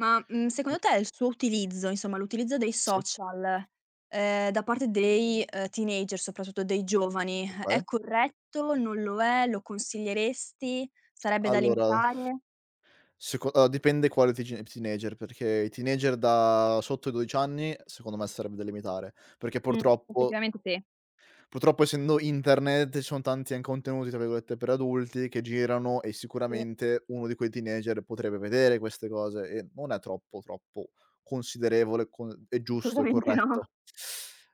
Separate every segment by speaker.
Speaker 1: Ma, mhmm,
Speaker 2: E
Speaker 1: secondo te il suo utilizzo, insomma l'utilizzo dei
Speaker 2: Sì.
Speaker 1: social, ehm, da parte dei, ehm, teenager, soprattutto dei giovani,
Speaker 2: Okay.
Speaker 1: è corretto, non lo è, lo consiglieresti, sarebbe da
Speaker 2: Allora
Speaker 1: limitare?
Speaker 2: seco allora, dipende quale teeg teenager, perché i teenager da sotto i 12 anni secondo me sarebbe da limitare, perché
Speaker 1: Mh,
Speaker 2: purtroppo
Speaker 1: effettivamente sì.
Speaker 2: purtroppo essendo internet ci sono tanti an "contenuti" tra virgolette per adulti che girano e
Speaker 1: Sì.
Speaker 2: sicuramente uno di quei teenager potrebbe vedere queste cose, ehm, non è troppo troppo considerevole con è giusto, è
Speaker 1: Assolutamente no.
Speaker 2: corretto.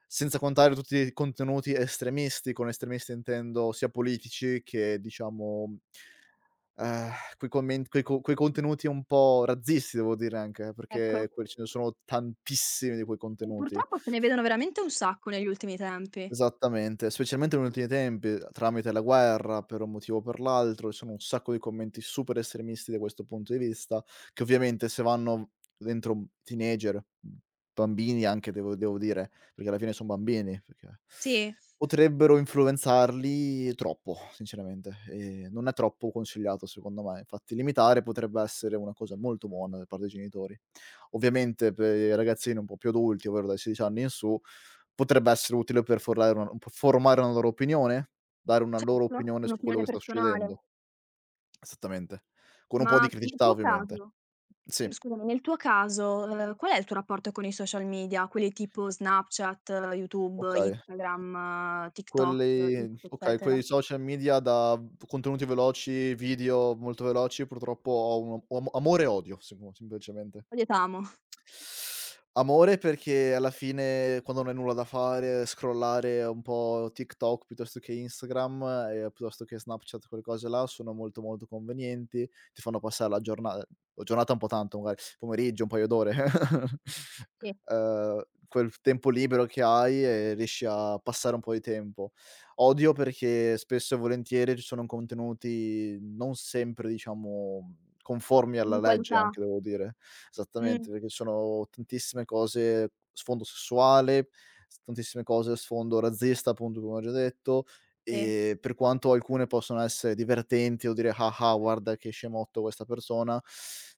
Speaker 2: Senza contare tutti i contenuti estremisti, con estremisti intendo sia politici che diciamo ehm, quei comment quei co quei contenuti un po' razzisti devo dire anche eh,
Speaker 1: Ecco.
Speaker 2: perché quel ce ne sono tantissimi di quei
Speaker 1: Mhmm,
Speaker 2: contenuti.
Speaker 1: purtroppo se ne vedono veramente un sacco negli ultimi tempi.
Speaker 2: Esattamente, specialmente negli ultimi tempi, ehm, tramite la guerra per un motivo o per l'altro, ci sono un sacco di commenti super estremisti da questo punto di vista che ovviamente se vanno v dentro un teenager, mhmm, bambini anche devo devo dire, perché alla fine son bambini, perché
Speaker 1: Sì.
Speaker 2: potrebbero influenzarli troppo sinceramente, ehm, non è troppo consigliato, secondo me. Infatti limitare potrebbe essere una cosa molto buona da parte dei genitori. Ovviamente per i ragazzini un po' più adulti ovvero dai 16 anni in su potrebbe essere utile per formale una per formare una loro opinione, dare una loro
Speaker 1: Certo,
Speaker 2: opinione su quello
Speaker 1: un'opinione
Speaker 2: che sta succedendo.
Speaker 1: personale.
Speaker 2: Esattamente, con un po' di
Speaker 1: Ma nel
Speaker 2: criticità
Speaker 1: tuo
Speaker 2: ovviamente.
Speaker 1: caso
Speaker 2: Sì.
Speaker 1: mhmm, scusami, nel tuo caso, ehm, qual è il tuo rapporto con i social media? Quelli tipo Snapchat, YouTube,
Speaker 2: Okay.
Speaker 1: Instagram, TikTok,
Speaker 2: Quelli
Speaker 1: X
Speaker 2: okay, quei
Speaker 1: eccetera?
Speaker 2: social media da v contenuti veloci, video molto veloci purtroppo ho un o om amore e odio semo semplicemente.
Speaker 1: Odi et amo.
Speaker 2: Amore perché alla fine quando non hai nulla da fare, scrollare un po' TikTok piuttosto che Instagram, ehm, piuttosto che Snapchat, quelle cose là, sono molto molto convenienti, ti fanno passare la giorna ehm, giornata un po' tanto magari, pomeriggio, un paio d'ore,
Speaker 1: Sì.
Speaker 2: ehm, quel tempo libero che hai, ehm, riesci a passare un po' di tempo. Odio perché spesso e volentieri ci sono contenuti non sempre diciamo conformi
Speaker 1: In
Speaker 2: alla legge
Speaker 1: qualità.
Speaker 2: anche devo dire
Speaker 1: Mh.
Speaker 2: esattamente, perché sono tantissime cose sfondo sessuale, s tantissime cose a sfondo razzista appunto come ho già detto,
Speaker 1: Sì.
Speaker 2: ehm, per quanto alcune possono essere divertenti o dire: "Ha ha, guarda che scemotto questa persona,"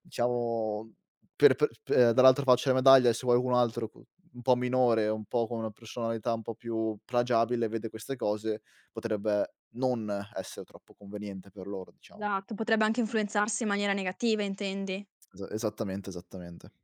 Speaker 2: diciamo per pe p ehm, per dall'altra faccia della medaglia, eh, se vuoi cu un altro cu un po' minore, un po' con una personalità un po' più plagiabile, vede queste cose potrebbe non essere troppo conveniente per loro diciamo.
Speaker 1: Esatto, potrebbe anche influenzarsi in maniera negativa intendi.
Speaker 2: Esa esattamente, esattamente.